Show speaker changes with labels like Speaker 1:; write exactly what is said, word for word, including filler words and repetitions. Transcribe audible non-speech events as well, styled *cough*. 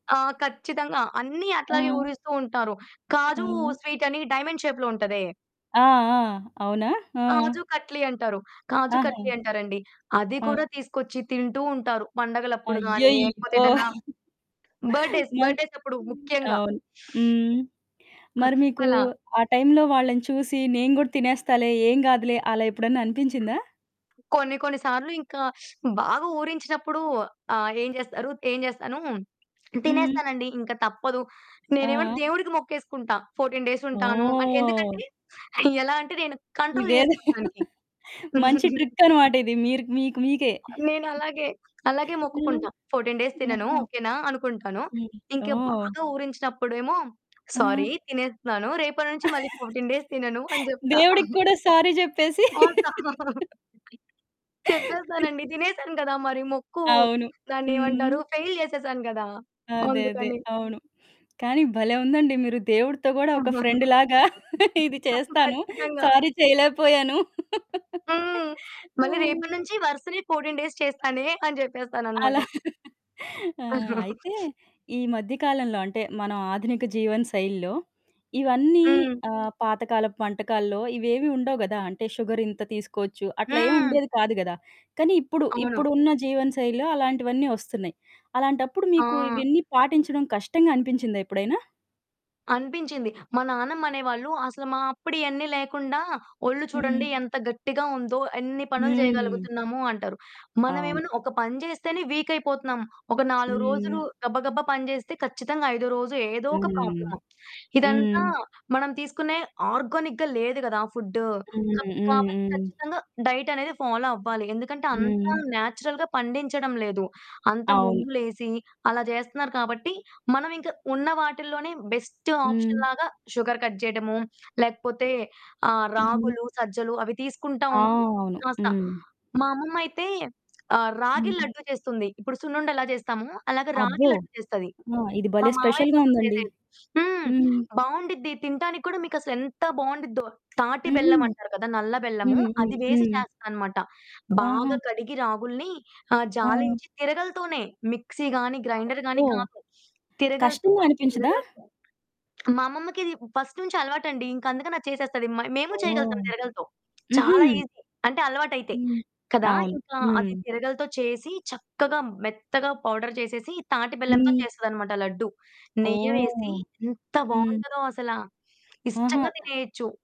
Speaker 1: ఆ! ఖచ్చితంగా అన్ని అట్లాగే
Speaker 2: ఆ!
Speaker 1: ఊరిస్తూ ఉంటారు. కాజు
Speaker 2: ఆ!
Speaker 1: స్వీటని డైమండ్ షేప్‌లో ఉంటదే.
Speaker 2: ఆ! ఆ! అవునా! ఆ!
Speaker 1: కాజు కట్లి అంటారు. కాజు
Speaker 2: ఆహా!
Speaker 1: కట్లి అంటారండి. అది
Speaker 2: ఆ!
Speaker 1: కూడా తీసుకొచ్చి తింటూ ఉంటారు. పండగలప్పుడు గాని లేకపోతే
Speaker 2: అయ్యయ్యో!
Speaker 1: ఏదన్నా
Speaker 2: *chuckles*
Speaker 1: బర్త్‌డే స్
Speaker 2: మరి
Speaker 1: బర్త్‌డేస్ అప్పుడు ముఖ్యంగా.
Speaker 2: అవును. హ్మ్. మరి మీకు
Speaker 1: అస్సలా.
Speaker 2: ఆ టైంలో వాళ్ళని చూసి నేను గూడా తినేస్తాలే, ఏం గాదులే అలా ఎప్పుడన్నా అనిపించిందా?
Speaker 1: కొన్ని కొన్ని సార్లు ఇంకా *sniffs* బాగా ఊరించినప్పుడు, ఆహ్, ఏం చేస్తారు ఏం చేస్తాను
Speaker 2: హ్మ్.
Speaker 1: తినేస్తానండి. ఇంక తప్పదు నేనేమంటే
Speaker 2: ఆ!
Speaker 1: దేవుడికి మొక్కేసుకుంటా ఫోర్టీన్ డేసుంటాను. అ
Speaker 2: ఓహ్!
Speaker 1: ఎందుకంటే ఎలా అంటే నేను కంట్రోల్
Speaker 2: ఇదేదో
Speaker 1: చేసుకుంటానికి.
Speaker 2: *chuckles* మంచి
Speaker 1: *giggles*
Speaker 2: ట్రిక్కనమాట. ఇది మీరు మీకు మీకే.
Speaker 1: నేనలాగే, అలాగే
Speaker 2: ఆ!
Speaker 1: మొక్కుకుంటా. ఫోర్టీన్ డేస్ తినను
Speaker 2: ఆహా!
Speaker 1: ఓకే నా అనుకుంటాను.
Speaker 2: హ్మ్.
Speaker 1: ఇంకా
Speaker 2: ఓహ్!
Speaker 1: బాగా ఊరించినప్పుడు ఏమో సారీ
Speaker 2: ఆ!
Speaker 1: తినేస్తున్నాను. రేపటి నుంచి మళ్ళి
Speaker 2: *chuckles*
Speaker 1: ఫోర్టీన్ డేస్ తినను అని జెప్తా.
Speaker 2: దేవుడికి
Speaker 1: *chuckles*
Speaker 2: కూడా సారీ చెప్పేసి.
Speaker 1: *unintelligible*
Speaker 2: *laughs*
Speaker 1: *chuckles* చెప్పేస్తానండి తినేసాను కదా! మరి మొక్కు
Speaker 2: అవును.
Speaker 1: దాన్నేమంటారు.
Speaker 2: హ్మ్.
Speaker 1: ఫెయిల్ చేసేసాను గదా!
Speaker 2: అదే అదే.
Speaker 1: అందుకని.
Speaker 2: అవును. కానీ భలే! ఉందండి మీరు దేవుడితో కూడా ఒక ఫ్రెండ్‌లాగా
Speaker 1: *chuckles*
Speaker 2: ఇది
Speaker 1: తప్పు
Speaker 2: చేస్తాను.
Speaker 1: ఖచ్చితంగా.
Speaker 2: సారీ చేయలేకపోయాను.
Speaker 1: హ్మ్.
Speaker 2: ఆ!
Speaker 1: మళ్ళి రేపటి నుంచి వరుసనే ఫోర్టీన్ డేస్ చేస్తానే అని
Speaker 2: అలా.
Speaker 1: చెప్పేస్తాననమాట.
Speaker 2: *chuckles* ఆహ్, అయితే
Speaker 1: *chuckles*
Speaker 2: ఈ మధ్యకాలంలో అంటే మనం ఆధునిక జీవన శైలిలో ఇవన్నీ
Speaker 1: హ్మ్.
Speaker 2: ఆహ్, పాతకాలపు వంటకాల్లో ఇవేవీ ఉండవు గదా! అంటే షుగర్ ఇంత తీసుకోవచ్చు అట్లా ఏం
Speaker 1: హ్మ్.
Speaker 2: ఉండేది కాదు గదా! కానీ ఇప్పుడు
Speaker 1: అవును.
Speaker 2: ఇప్పుడున్న జీవన శైలిలో అలాంటివన్నీ వస్తున్నాయి. అలాంటప్పుడు
Speaker 1: ఆ!
Speaker 2: మీకు ఇవన్నీ పాటించడం కష్టంగా అనిపించిందా ఎప్పుడైనా?
Speaker 1: అనిపించింది. మా నానమ్మ అనేవాళ్ళు "అసలు మా అప్పుడు ఇయన్నీ లేకుండా ఒళ్ళు
Speaker 2: హ్మ్.
Speaker 1: చూడండి ఎంత గట్టిగా ఉందో, ఎన్ని పనులు
Speaker 2: హ్మ్.
Speaker 1: చేయగలుగుతున్నాము" అంటారు. మనం
Speaker 2: అవును.
Speaker 1: ఏమన్నా ఒక పని చేస్తేనే వీకైపోతున్నాం. ఒక నాలుగు రోజులు
Speaker 2: హ్మ్.
Speaker 1: గబగబా పని చేస్తే, ఖచ్చితంగా ఐదో రోజు ఏదో ఒక
Speaker 2: హ్మ్.
Speaker 1: ప్రాబ్లమ్. ఇదంతా
Speaker 2: హ్మ్.
Speaker 1: మనం తీసుకునే ఆర్గానిక్‌గా లేదు గదా! ఫుడ్డు కబ్
Speaker 2: హ్మ్. హ్మ్.
Speaker 1: కాబట్టి
Speaker 2: హ్మ్.
Speaker 1: ఖచ్చితంగా డైట్ అనేది ఫాలో అవ్వాలి. ఎందుకంటే అంత
Speaker 2: హ్మ్.
Speaker 1: నేచురల్‌గా పండించడం లేదు. అంతా
Speaker 2: అవును.
Speaker 1: ముందు లేసి అలా జేస్తున్నారు కాబట్టి మనం ఇంకా ఉన్న వాటిల్లోనే బెస్ట్
Speaker 2: హ్మ్.
Speaker 1: ఆప్షన్‌లాగా షుగర్ కట్ జేయటము, లేకపోతే ఆ
Speaker 2: హుహు.
Speaker 1: రాగులు, సజ్జలు అవి తీసుకుంటా
Speaker 2: ఆ!
Speaker 1: ఉంటే
Speaker 2: అవును.
Speaker 1: కాస్త
Speaker 2: హ్మ్.
Speaker 1: మా అమ్మమ్మయితే ఆహ్, రాగి
Speaker 2: హ్మ్.
Speaker 1: లడ్డు చేస్తుంది. ఇప్పుడు సున్నుండెలా చేస్తామో, అలాగా రాగి
Speaker 2: అబ్బో!
Speaker 1: లడ్డు చేస్తది.
Speaker 2: ఆ! ఇది
Speaker 1: మా
Speaker 2: భలే
Speaker 1: మామయ్య
Speaker 2: స్పెషల్‌గా
Speaker 1: కోసం
Speaker 2: ఉందండి.
Speaker 1: చేసేది. హ్మ్.
Speaker 2: హ్మ్.
Speaker 1: బావుండిద్ది తినటానికి కూడా మీకసలెంత బావుండిద్దో. తాటి
Speaker 2: హుహు.
Speaker 1: బెల్లమంటారు కదా! నల్ల బెల్లము
Speaker 2: హ్మ్. హ్మ్.
Speaker 1: అది వేసి
Speaker 2: హ్మ్.
Speaker 1: చేస్తాదనమాట.
Speaker 2: ఆహా!
Speaker 1: బాగా కడిగి రాగుల్ని ఆహ్,
Speaker 2: ఆ!
Speaker 1: జాలించి తిరగలితోనే మిక్సీ గాని, గ్రైండరు గాని
Speaker 2: అబ్బో!
Speaker 1: కాదు. తిరగలితో,
Speaker 2: కష్టంగా అనిపించదా?
Speaker 1: తిరగలితో. మా అమ్మమ్మకిది ఫస్ట్ నుంచి అలవాటండి. ఇంక అందుకని అది చేసేస్తది. మయ్ మేము
Speaker 2: ఓహ్!
Speaker 1: చేయగలుగుతాం తిరగలితో
Speaker 2: హుహు.
Speaker 1: చాలా ఈజీ. అంటే అలవాటయితే.
Speaker 2: హ్మ్.
Speaker 1: కదా!
Speaker 2: అవును.
Speaker 1: ఇంకా
Speaker 2: హ్మ్.
Speaker 1: అది తిరగలితో చేసి చక్కగా మెత్తగా పౌడర్ చేసేసి, తాటి బెల్లంతో
Speaker 2: హ్మ్.
Speaker 1: చేస్తదన్నమాట లడ్డూ నెయ్యి
Speaker 2: ఓహ్!
Speaker 1: వేసి ఎంత
Speaker 2: హ్మ్.
Speaker 1: బావుంటదో అసల
Speaker 2: ఆహా!
Speaker 1: ఇష్టంగా తినేయొచ్చు.